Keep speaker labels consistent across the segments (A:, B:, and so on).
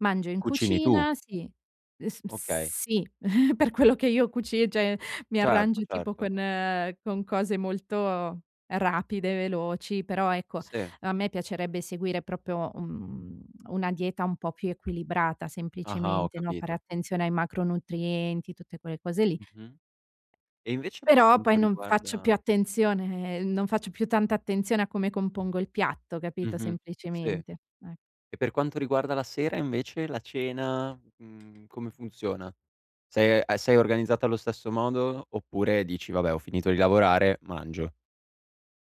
A: Mangio in
B: Cucini tu?
A: cucina sì, es
B: Okay.
A: sì, per quello che io cuci cioè, mi
B: Certo,
A: arrangio tipo
B: certo.
A: con con cose molto rapide e veloci, però ecco,
B: Sì.
A: a me piacerebbe seguire proprio, un una dieta un po' più equilibrata,
B: Ah-ah, ho
A: semplicemente, no, fare
B: capito.
A: attenzione ai macronutrienti, tutte quelle cose lì
B: Mh-mh. E invece per
A: però poi
B: quanto
A: non faccio più
B: riguarda
A: attenzione non faccio più tanta attenzione a come compongo il piatto, capito?
B: Mh-mh, sì.
A: Semplicemente, e
B: E per quanto riguarda la sera, invece, la cena, mhmm, come funziona? Sei a sei organizzata allo stesso modo oppure dici: "Vabbè, ho finito di lavorare, mangio"?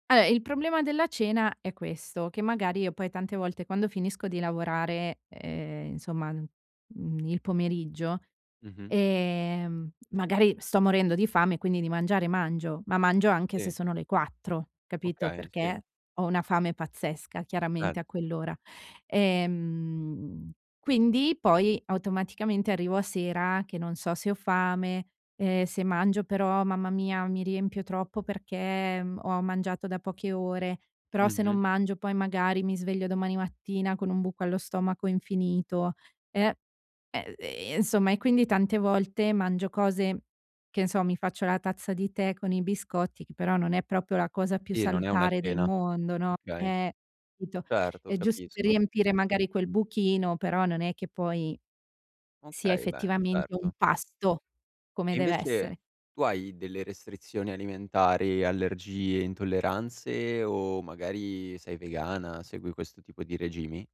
A: Vabbè, il problema della cena è questo: che magari io poi tante volte, quando finisco di lavorare, ehm, insomma, mhmm, il pomeriggio,
B: Mh-mh.
A: ehm, magari sto morendo di fame, quindi di mangiare, mangio; ma mangio anche se
B: Sì.
A: sono le 4, capito?
B: Okay, sì.
A: Perché ho una fame pazzesca, chiaramente, a
B: [unintelligible]
A: quell'ora. Ehm, quindi poi, automaticamente, arrivo a sera che non so se ho fame, ehm, se mangio però, mamma mia, mi riempio troppo, perché m ho mangiato da poche ore, però se non
B: Mh-mh.
A: mangio, poi magari mi sveglio domani mattina con un buco allo stomaco infinito, e ehm, ehm, insomma, e quindi tante volte mangio cose, che n so, mi faccio la tazza di tè con i biscotti, che però non è proprio la cosa più
B: Sì, non è una
A: salutare del
B: cena.
A: mondo, no?
B: Okay.
A: Eh, capito?
B: Certo,
A: È giusto per
B: capisco.
A: riempire, magari, quel buchino, però non è che poi sia
B: Okay, beh,
A: effettivamente un
B: certo.
A: pasto, come
B: E
A: dev'essere.
B: invece, tu hai delle restrizioni alimentari, allergie, intolleranze o magari sei vegana, segui questo tipo di regimi?